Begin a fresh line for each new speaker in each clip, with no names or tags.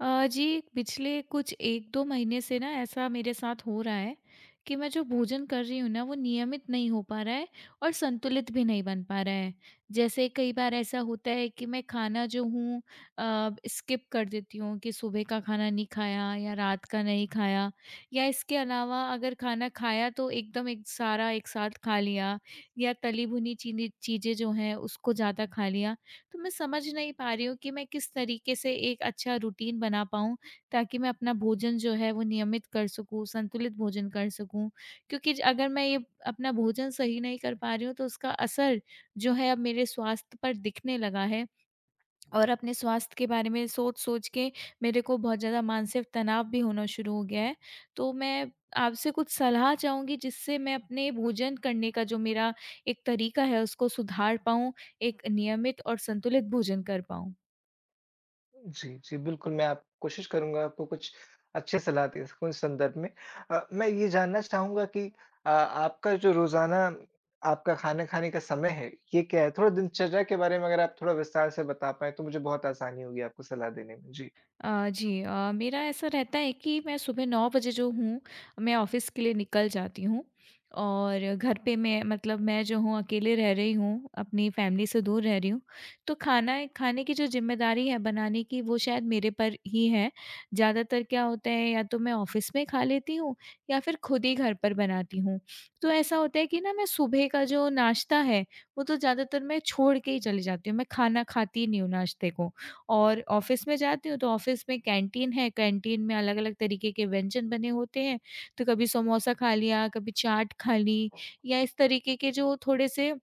अ, जी पिछले कुछ 1-2 महीने से ना ऐसा मेरे साथ हो रहा है, कि मैं जो भोजन कर रही हूँ ना वो नियमित नहीं हो पा रहा है, और संतुलित भी नहीं बन पा रहा है। जैसे कई बार ऐसा होता है कि मैं खाना जो हूँ अ, स्किप कर देती हूँ, कि सुबह का खाना नहीं खाया या रात का नहीं खाया या इसके अलावा अगर खाना खाया तो एकदम एक सारा एक साथ खा लिया या तली भुनी चीनी चीज़ें जो हैं उसको ज़्यादा खा लिया। तो मैं समझ नहीं पा रही हूँ कि मैं किस तरीके से एक अच्छा रूटीन बना पाऊँ, ताकि मैं अपना भोजन जो है वो नियमित कर सकूँ, संतुलित भोजन कर सकूँ। क्योंकि ज अगर मैं ये अपना भोजन सही नहीं कर पा रही हूँ, तो उसका असर जो है अब मेरे स्वास्थ्य पर दिखने लगा है। और अपने स्वास्थ्य के बारे में सोच-सोच के मेरे को बहुत ज़्यादा मानसिक तनाव भी होना शुरू हो गया है, तो मैं आपसे कुछ सलाह चाहूँगी जिससे मैं अपने भोजन करने का जो मेरा एक तरीका है उसको सुधार पाऊँ, एक नियमित और संतुलित भोजन कर पाऊँ।
जी, जी। बिल्कुल, मैं आप कोशिश करूँगा आपको कुछ अच्छे सलाह दे सकूँ इस संदर्भ में। अ, मैं ये जानना चाहूँगा कि अ, आपका जो रोज़ाना आपका खाना खाने का समय है ये क्या है? थोड़ा दिनचर्या के बारे में अगर आप थोड़ा विस्तार से बता पाएँ, तो मुझे बहुत आसानी होगी आपको सलाह देने में। जी।
अ, जी। अ, मेरा ऐसा रहता है कि मैं सुबह 9 जो हूँ, मैं ऑफ़िस के लिए निकल जाती हूँ और घर पे मैं मतलब मैं जो हूँ अकेले रह रही हूँ, अपनी फैमिली से दूर रह रही हूँ, तो खाना खाने की जो ज़िम्मेदारी है बनाने की वो शायद मेरे पर ही है, ज़्यादातर क्या होता है या तो मैं ऑफिस में खा लेती हूँ या फिर खुद ही घर पर बनाती हूँ। तो ऐसा होता है कि ना मैं सुबह का जो नाश्ता है, वो तो ज़्यादातर मैं छोड़ के ही चली जाती हूँ मैं खाना खाती ही नहीं हूँ नाश्ते को और ऑफ़िस में जाती हूँ, तो ऑफ़िस में कैंटीन है, कैंटीन में अलग-अलग तरीके के व्यंजन बने होते हैं, तो कभी समोसा खा लिया, कभी चाट खा ली या इस तरीके के जो थोड़े-से,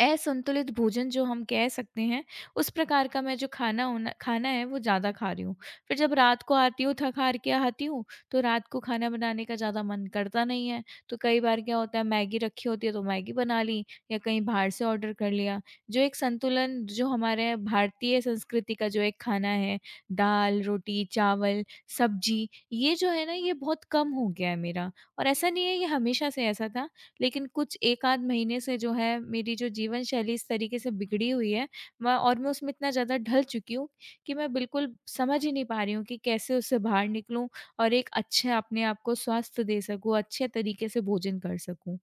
असंतुलित भोजन जो हम कह सकते हैं, उस प्रकार का मैं जो खाना हो ना खाना है वो ज़्यादा खा रही हूँ। फिर जब रात को आती हूँ थक हार के आती हूँ, तो रात को खाना बनाने का ज़्यादा मन करता नहीं है, तो कई बार क्या होता है मैगी रखी होती है, तो मैगी बना ली या कहीं बाहर से ऑर्डर कर लिया। जो एक संतुलन जो हमारे भारतीय संस्कृति का जो एक खाना है, दाल, रोटी, चावल, सब्ज़ी ये जो है ना ये बहुत कम हो गया है मेरा। और ऐसा नहीं है ये हमेशा से ऐसा था, लेकिन कुछ 1 आध महीने से जो है मेरी जो जीवनशैली इस तरीके से बिगड़ी हुई है, मैं और मैं उसमें इतना ज़्यादा ढल चुकी हूँ, कि मैं बिल्कुल समझ ही नहीं पा रही हूँ कि कैसे उससे बाहर निकलूँ और एक अच्छे अपने आप को स्वास्थ्य दे सकूँ, अच्छे तरीके से भोजन कर सकूँ।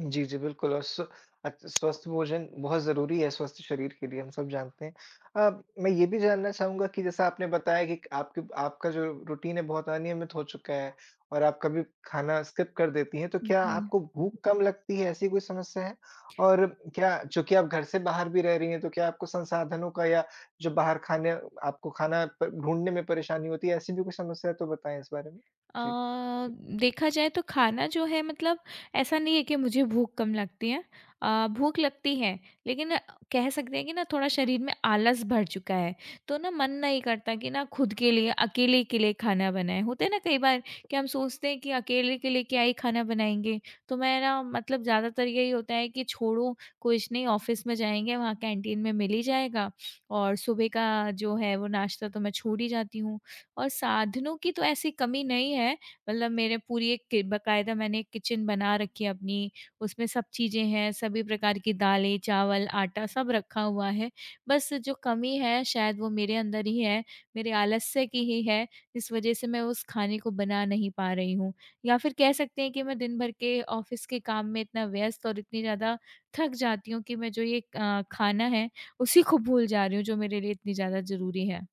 जी, जी, बिल्कुल और स्व अ, स्वस्थ भोजन बहुत ज़रूरी है, स्वस्थ शरीर के लिए हम सब जानते हैं। अ, मैं ये भी जानना चाहूँगा कि जैसा आपने बताया कि आपकी आपका जो रूटीन है बहुत अनियमित हो चुका है और आप कभी खाना स्किप कर देती हैं, तो
उ,
क्या
जी।
आपको भूख कम लगती है, ऐसी कोई समस्या है? और क्या चूँकि आप घर से बाहर भी रह रही है तो क्या आपको संसाधनों का या जो बाहर खाने आपको खाना प ढूँढ़ने में परेशानी होती है ऐसी भी कोई समस्या है तो बताएँ इस बारे में? जी।
अ, देखा जाए तो खाना जो है मतलब ऐसा नहीं है कि मुझे भूख कम लगती है अ, भूख लगती है लेकिन कह सकते हैं कि ना थोड़ा शरीर में आलस भर चुका है, तो ना मन नहीं करता कि ना खुद के लिए अकेले के लिए खाना बनाए। होता है ना कई बार कि हम सोचते हैं कि अकेले के लिए क्या ही खाना बनाएँगे, तो मैं ना मतलब ज़्यादातर यही होता है कि छोड़ो कुछ नहीं ऑफिस में जाएँगे वहाँ कैंटीन में मिल ही जाएगा और सुबह का जो है वो नाश्ता तो मैं छोड़ ही जाती हूँ। और साधनों की तो ऐसी कमी नहीं है मतलब मेरे पूरी एक के बाकायदा मैंने किचन बना रखी है अपनी उसमें सब चीज़ें हैं, सभी प्रकार की दालें, चावल, आटा सब रखा हुआ है, बस जो कमी है शायद वो मेरे अंदर ही है, मेरे आलस्य की ही है इस वजह से मैं उस खाने को बना नहीं पा रही हूँ। या फिर कह सकते हैं कि मैं दिन भर के ऑफिस के काम में इतना व्यस्त और इतनी ज़्यादा थक जाती हूँ कि मैं जो ये अ, खाना है उसी को भूल जा रही हूँ जो मेरे लिए इतनी ज़्यादा ज़रूरी है।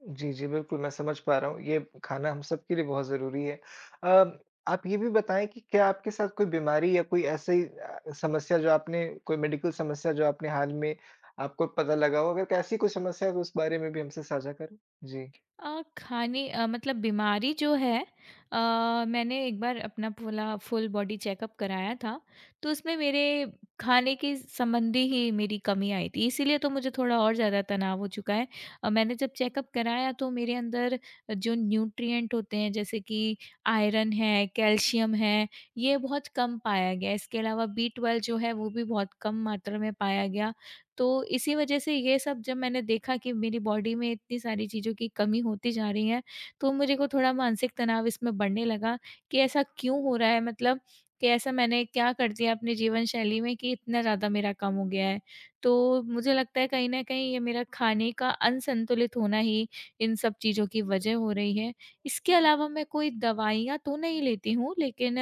जी, जी। बिल्कुल, मैं समझ पा रहा हूँ। ये खाना हम सबके लिए बहुत ज़रूरी है। अ, आप ये भी बताएँ कि क्या आपके साथ कोई बीमारी या कोई ऐसी अ, समस्या, जो आपने कोई मेडिकल समस्या, जो आपने हाल में आपको पता लगा हो? अगर ऐसी कोई समस्या है, तो उस बारे में भी हमसे साझा करें। जी।
अ, खाने अ, मतलब बीमारी जो है, अ, मैंने एक बार अपना पूरा फ़ुल बॉडी चेकअप कराया था, तो उसमें मेरे खाने के संबंधी ही मेरी कमी आई थी, इसलिए तो मुझे थोड़ा और ज़्यादा तनाव हो चुका है। अ, मैंने जब चेकअप कराया, तो मेरे अंदर जो न्यूट्रिएंट होते हैं, जैसे कि आयरन है, कैल्शियम है, ये बहुत कम पाया गया है। इसके अलावा बी-ट्वेल्व जो है, वो भी बहुत कम मात्रा में पाया गया। तो इसी वज़ह से ये सब जब मैंने देखा कि मेरी बॉडी में इतनी सारी चीज़ों की कमी होती जा रही है, तो मेरे को थोड़ा मानसिक तनाव इसमें बढ़ने लगा कि, "ऐसा क्यों हो रहा है? मतलब कि ऐसा मैंने क्या कर दिया अपने जीवनशैली में कि इतना ज़्यादा मेरा कम हो गया है?" तो मुझे लगता है, कहीं न कहीं ये मेरा खाने का अनसंतुलित होना ही इन सब चीज़ों की वज़ह हो रही है। इसके अलावा मैं कोई दवाइयाँ तो नहीं लेती हूँ, लेकिन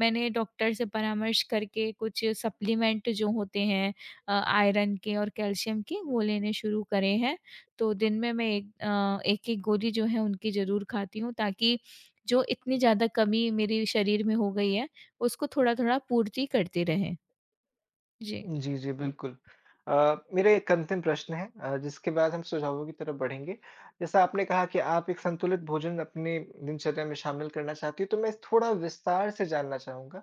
मैंने डॉक्टर से परामर्श करके कुछ सप्लीमेंट जो होते हैं अ, आयरन के और कैल्शियम के, वो लेने शुरू करे हैं। तो दिन में मैं एक अ, एक-एक गोदी जो है, उनकी ज़रूर खाती हूँ, ताकि जो इतनी ज़्यादा कमी मेरे शरीर में हो गई है, उसको थोड़ा-थोड़ा पूर्ति करते रहें। जी।
जी, जी, बिल्कुल। अ, मेरा 1 अंतिम प्रश्न है अ, जिसके बाद हम सुझावों की तरफ बढ़ेंगे। जैसा आपने कहा कि आप एक संतुलित भोजन अपने दिनचर्या में शामिल करना चाहती हो, तो मैं थोड़ा विस्तार से जानना चाहूँगा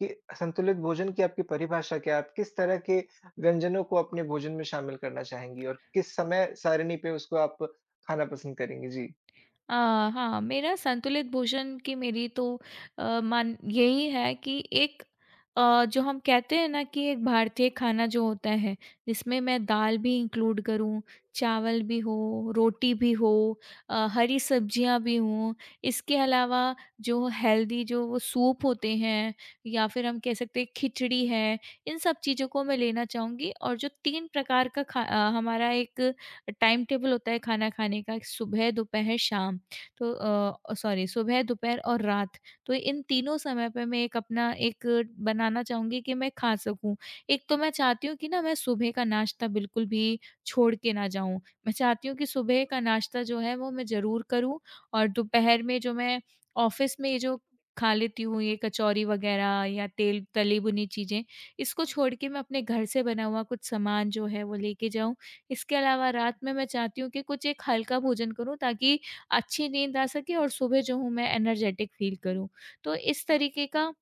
कि संतुलित भोजन की आपकी परिभाषा क्या है? आप किस तरह के व्यंजनों को अपने भोजन में शामिल करना चाहेंगी और किस समय सारणी पे उसको आप खाना पसंद करेंगी? जी।
अ, हाँ, मेरा संतुलित भोजन की मेरी तो अ, मन यही है कि एक अ, जो हम कहते हैं ना कि एक भारतीय खाना जो होता है, जिसमें मैं दाल भी इंक्लूड करूँ, चावल भी हो, रोटी भी हो अ, हरी सब्ज़ियाँ भी हों। इसके अलावा, जो हेल्दी जो वो सूप होते हैं, या फिर हम कह सकते हैं, खिचड़ी है, इन सब चीज़ों को मैं लेना चाहूँगी और जो 3 प्रकार का खा अ, हमारा एक टाइम-टेबल होता है, खाना खाने का, एक सुबह, दोपहर, शाम। तो अ, ओ सॉरी! सुबह दोपहर और रात। तो इन तीनों समय पे, मैं एक अपना एक बनाना चाहूँगी कि मैं खा सकूँ। एक तो मैं चाहती हूँ कि ना, मैं सुबह का नाश्ता बिल्कुल भी छोड़ के ना जाऊँ। मैं चाहती हूँ कि सुबह का नाश्ता जो है, वो मैं ज़रूर करूँ और दोपहर में जो मैं ऑफ़िस में ये जो खा लेती हूँ, ये कचोरी वग़ैरह, या तेल तली-भुनी चीज़ें, इसको छोड़ के मैं अपने घर से बना हुआ कुछ सामान जो है, वो लेके जाऊँ। इसके अलावा रात में मैं चाहती हूँ कि कुछ एक हल्का भोजन करूँ, ताकि अच्छी नींद आ सके और सुबह जो हूँ, मैं एनर्जेटिक फ़ील करूँ। तो इस तरीके का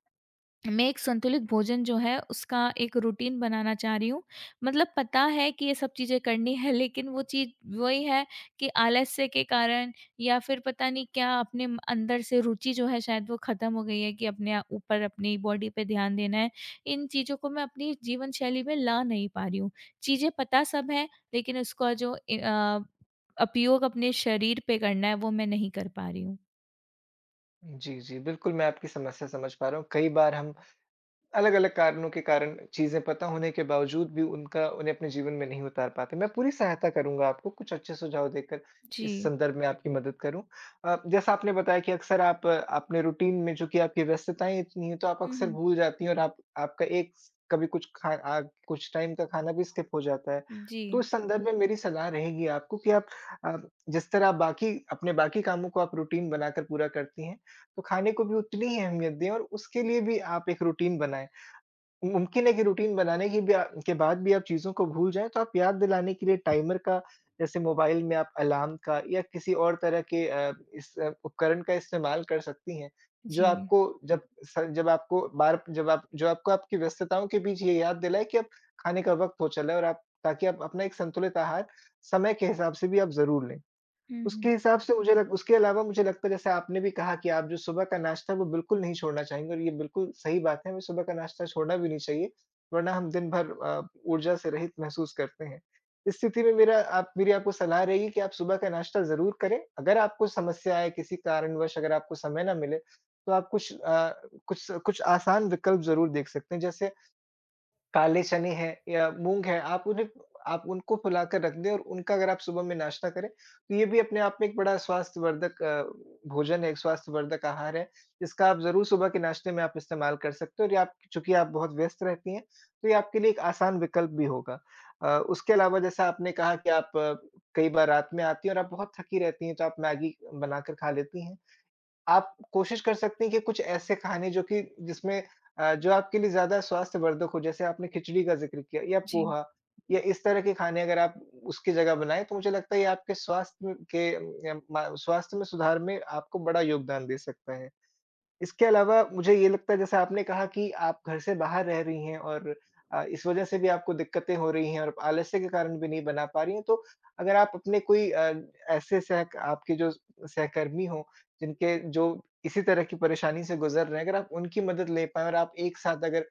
मैं एक संतुलित भोजन जो है, उसका एक रूटीन बनाना चाह रही हूँ। मतलब पता है कि ये सब चीज़ें करनी है, लेकिन वो चीज़ वही है कि आलस्य के कारण या फिर पता नहीं क्या, अपने अंदर से रूचि जो है, शायद वो ख़त्म हो गई है कि अपने अ, ऊपर अपनी बॉडी पे ध्यान देना है। इन चीज़ों को मैं अपनी जीवन शैली में ला नहीं पा रही हूँ। चीज़ें पता सब हैं, लेकिन उसका जो ए अ, उपयोग अपने शरीर पे करना है, वो मैं नहीं कर पा रही हूँ।
उ, जी, जी बिल्कुल मैं आपकी समस्या समझ पा रहा हूँ, कई बार हम, अलग-अलग कारणों के कारण चीज़ें पता होने के बावजूद भी उनका उन्हें अपने जीवन में नहीं उतार पाते। मैं पूरी सहायता करूँगा आपको कुछ अच्छे सुझाव देकर इस
जी।
संदर्भ में आपकी मदद करूँ। अ, जैसा आपने बताया कि अक्सर आप अपने रूटीन में जो कि आपकी व्यस्तताएँ इतनी है तो आप
हुँ,
अक्सर
हुँ।
भूल जाती हैं और आप आपका एक कभी कुछ खा अग कुछ टाइम का खाना भी स्किप हो जाता है।
जी।
तो इस संदर्भ में मेरी सलाह रहेगी आपको कि आप अ, जिस तरह बाकी अपने बाकी कामों को आप रूटीन बनाकर पूरा करती हैं, तो खाने को भी उतनी ही अहमियत दें और उसके लिए भी आप एक रूटीन बनाएँ। मुमकिन है कि रूटीन बनाने के भी अ, के बाद भी आप चीज़ों को भूल जाएँ तो आप याद दिलाने के लिए टाइमर का, जैसे मोबाइल में आप अलार्म का या किसी और तरह के अ, इस उपकरण का इस्तेमाल कर सकती हैं, जो
जी।
आपको जब स जब आपको बार जब आप जो आपको आपकी व्यस्तताओं के बीच ये याद दिलाएँ कि अब खाने का वक़्त हो चला है और आप ताकि आप अपना एक संतुलित आहार समय के हिसाब से भी आप ज़रूर लें।
हुँ, हुँ।
उसके हिसाब से मुझे लग उसके अलावा मुझे लगता है जैसे आपने भी कहा कि आप जो सुबह का नाश्ता है वो बिल्कुल नहीं छोड़ना चाहेंगी और ये बिल्कुल सही बात है, हमें सुबह का नाश्ता छोड़ना भी नहीं चाहिए, वरना हम दिनभर अ, ऊर्जा से रहित महसूस करते हैं। स्थिति में मेरा आप मेरी आपको सलाह रहेगी कि आप सुबह का नाश्ता ज़रूर करें, अगर आपको समस्या या किसी कारणवश अगर आपको समय ना मिले, तो आप कुछ अ, कुछ कुछ आसान विकल्प ज़रूर देख सकते हैं जैसे, काले चने है या मूँग है आप उन्हें आप उनको फुलाकर रख दें और उनका अगर आप सुबह में नाश्ता करें, तो ये भी अपने आप में एक बड़ा स्वास्थ्यवर्धक अ, भोजन है, एक स्वास्थ्यवर्धक आहार है। इसका आप ज़रूर सुबह के नाश्ते में आप इस्तेमाल कर सकते हो और ये आप चूँकि आप बहुत व्यस्त रहती हैं, तो ये आपके लिए एक आसान विकल्प भी होगा। अ, उसके अलावा जैसा आपने कहा कि आप कई बार रात में आती हैं और आप बहुत थकी रहती हैं, तो आप मैगी बनाकर खा लेती हैं। आप कोशिश कर सकती हैं कि कुछ ऐसे खाने जो कि जिसमें अ, जो आपके लिए ज़्यादा स्वास्थ्य वर्धक हो जैसे आपने खिचड़ी का जिक्र किया या
जी।
पोहा या इस तरह के खाने अगर आप उसकी जगह बनाएँ, तो मुझे लगता है ये आपके स्वास्थ्य के यम म स्वास्थ्य में सुधार में आपको बड़ा योगदान दे सकता है। इसके अलावा मुझे ये लगता है जैसे आपने कहा कि आप घर से बाहर रह रही है और अ, इस वजह से भी आपको दिक्कतें हो रही हैं और आलस्य के कारण भी नहीं बना पा रही है, तो अगर आप अपने कोई अ, ऐसे सहक आपके जो सहकर्मी हो जिनके जो इसी तरह की परेशानी से गुज़र रहे हैं, अगर आप उनकी मदद ले पाएँ और आप एक साथ अगर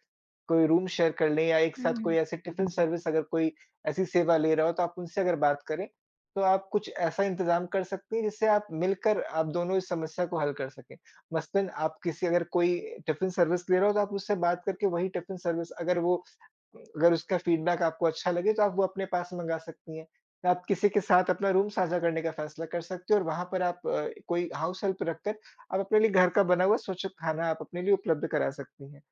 कोई रूम शेयर कर ले या एक
हुँ,
साथ कोई
हुँ।
ऐसी टिफ़िन सर्विस अगर कोई ऐसी सेवा ले रहा हो, तो आप उनसे अगर बात करें, तो आप कुछ ऐसा इंतजाम कर सकती हैं जिससे आप मिलकर आप दोनों इस समस्या को हल कर सकें। मसलन आप किसी अगर कोई टिफ़िन सर्विस ले रहा हो, तो आप उससे बात करके वही टिफ़िन सर्विस अगर वो अगर उसका फीडबैक आपको अच्छा लगे, तो आप वो अपने पास मँगा सकती हैं। आप किसी के साथ अपना रूम साझा करने का फैसला कर सकते हो और वहाँ पर आप कोई हाउस हेल्प रखकर, आप अपने लिए घर का बना हुआ स्वच्छ खाना आप अपने लिए उपलब्ध करा सकती हैं।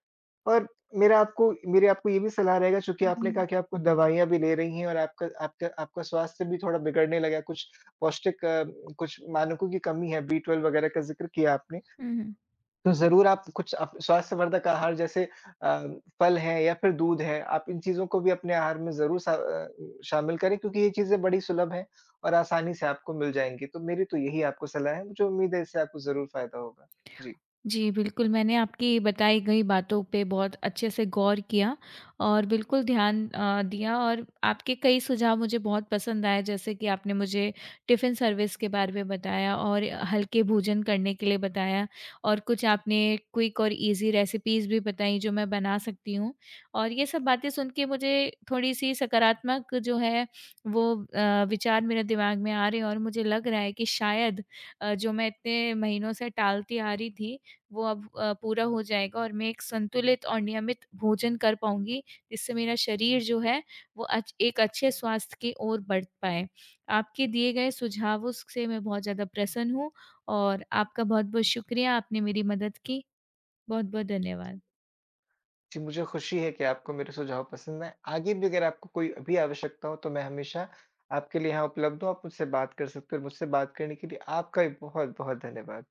और मेरा आपको मेरी आपको ये भी सलाह रहेगा चूँकि
उ,
आपने कहा
जी।
कि आपको दवाइयाँ भी ले रही हैं और आपका आपका आपका स्वास्थ्य भी थोड़ा बिगड़ने लगा है, कुछ पौष्टिक अ, कुछ मानकों की कमी है बी-12 वग़ैरह का ज़िक्र किया आपने।
हुँ, हुँ।
तो ज़रूर आप कुछ अप स्वास्थ्यवर्धक आहार जैसे अ, फल है या फिर दूध है, आप इन चीज़ों को भी अपने आहार में ज़रूर स अ, शामिल करें क्योंकि ये चीज़ें बड़ी सुलभ हैं और आसानी से आपको मिल जाएँगी। तो मेरी तो यही आपको सलाह है, मुझे उम्मीद है इससे आपको ज़रूर फायदा होगा। जी।
जी, बिल्कुल, मैंने आपकी बताई गई बातों पे बहुत अच्छे से गौर किया और बिल्कुल ध्यान अ, दिया और आपके कई सुझाव मुझे बहुत पसंद आए, जैसे कि आपने मुझे टिफ़िन सर्विस के बारे में बताया और हल्के भोजन करने के लिए बताया और कुछ आपने क्विक और इज़ी रेसिपीज़ भी बताई जो मैं बना सकती हूँ। और ये सब बातें सुन के मुझे थोड़ी-सी सकारात्मक जो है वो अ, विचार मेरे दिमाग में आ रहे हैं और मुझे लग रहा है कि शायद अ, जो मैं इतने महीनों से टालती आ रही थी, वो अब अ, पूरा हो जाएगा। और मैं एक संतुलित और नियमित भोजन कर पाऊँगी जिससे मेरा शरीर जो है, वो अच एक अच्छे स्वास्थ्य की ओर बढ़ पाए। आपके दिए गए सुझावों स से मैं बहुत ज़्यादा प्रसन्न हूँ और आपका बहुत-बहुत शुक्रिया, आपने मेरी मदद की, बहुत-बहुत धन्यवाद।
जी, मुझे ख़ुशी है कि आपको मेरे सुझाव पसंद आएँ, आगे भी अगर आपको कोई भी आवश्यकता हो तो मैं हमेशा आपके लिए यहाँ उपलब्ध हूँ, आप मुझसे बात कर सकते हो, मुझसे बात करने के लिए आपका ही बहुत-बहुत धन्यवाद।